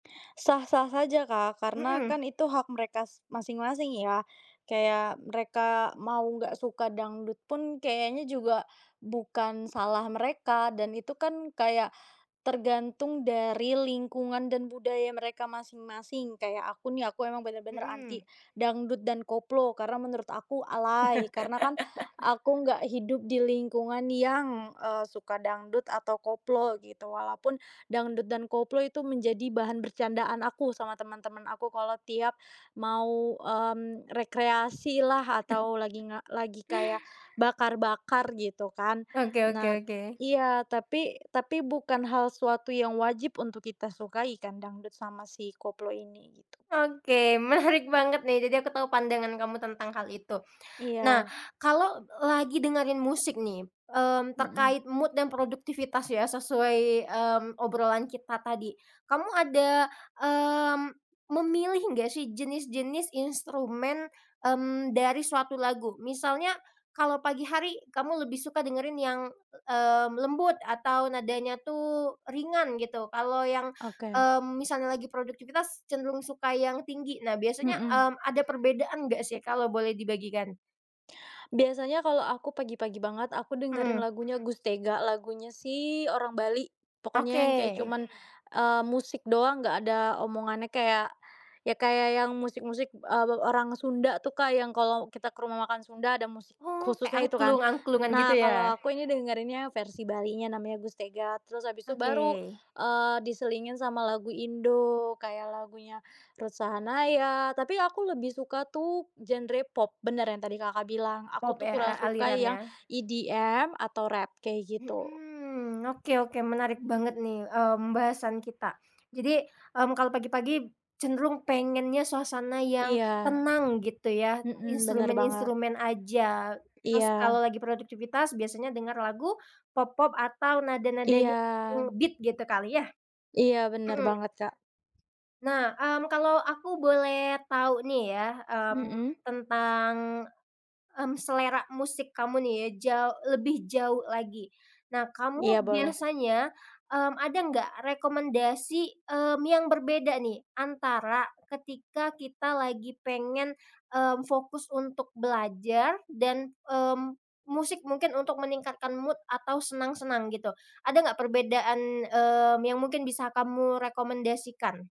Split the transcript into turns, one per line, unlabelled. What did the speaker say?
Sah-sah saja, Kak, karena
Mhm.
kan itu hak mereka s masing-masing ya, kayak mereka mau nggak suka dangdut pun kayaknya juga bukan salah mereka, dan itu kan kayak tergantung dari lingkungan dan budaya mereka masing-masing. Kayak aku nih, aku emang bener-bener
Mhm.
anti dangdut dan koplo, karena menurut aku alay, karena kan aku nggak hidup di lingkungan yang, eee, suka dangdut atau koplo gitu. Walaupun dangdut dan koplo itu menjadi bahan bercandaan, aku sama teman-teman aku kalau tiap mau, mmm, rekreasilah atau lagi nga kayak bakar-bakar gitu kan.
Oke oke
Nat
oke.
iya, tapi tapi bukan hal sesuatu yang wajib untuk kita sukai kan, dangdut sama si koplo ini, gitu.
Oke, menarik banget nih, jadi aku tahu pandangan kamu tentang hal itu. Nah,
Iya.
kalau lagi dengerin musik nih, mmm,
Mhm.
terkait mood dan produktivitas ya, sesuai, mmm, obrolan kita tadi. Kamu ada, mmm, memilih nggak sih, jenis-jenis instrumen, mmm, dari suatu lagu, misalnya kalau pagi hari kamu lebih suka dengerin yang, e mmm, lembut atau nadanya tuh ringan gitu, kalau yang,
Oke.
mmm, misalnya lagi produktivitas cenderung suka yang tinggi. Nah, biasanya,
Mhm.
mmm, ada perbedaan enggak sih, kalau boleh dibagikan?
Biasanya kalau aku pagi-pagi banget, aku dengerin
Mhm.
lagunya Gus Tega, lagunya si orang Bali pokoknya yang kayak
Oke.
cuman, eee, musik doang, nggak ada omongannya kayak ya kayak yang musik-musik, eee, we orang Sunda tuh, Kak, yang kalau kita ke rumah makan Sunda, ada musik
Oh, kayak
khususnya itu kan.
angklung-angklungan gitu
Nah, kalau
ya?
aku ini dengerinnya versi Balinya, namanya Gus Tega, terus habis itu baru,
Oke.
eee, diselingin sama lagu Indo kayak lagunya Ruth Sahanaya, tapi aku lebih suka tuh genre pop, bener yang tadi Kakak bilang, aku
Pop
tuh
ya, a
kurang suka yang
alirannya?
EDM atau rap, kayak gitu.
Mhm, oke oke menarik banget nih, mmm, bahasan kita. Jadi, mmm, kalau pagi-pagi cenderung pengennya suasana yang
Iya,
tenang gitu ya,
mhm, bener banget.
instrumen-instrumen aja, terus
Iya.
kalau lagi produktivitas biasanya dengar lagu pop-pop atau nada-nadanya
Iya.
yang nge-beat gitu kali ya?
Iya, bener
Mhm.
banget, Kak.
Nah, mmm, kalau aku boleh tahu nih ya, mmm,
Mhm.
tentang, mmm, selera musik kamu nih ya, jau lebih jauh lagi. Nah,
Iya,
kamu
boleh.
biasanya, mmm, ada nggak rekomendasi, mmm, yang berbeda nih, antara ketika kita lagi pengen, mmm, fokus untuk belajar dan, mmm, musik mungkin untuk meningkatkan mood atau senang-senang gitu, ada nggak perbedaan, mmm, yang mungkin bisa kamu rekomendasikan?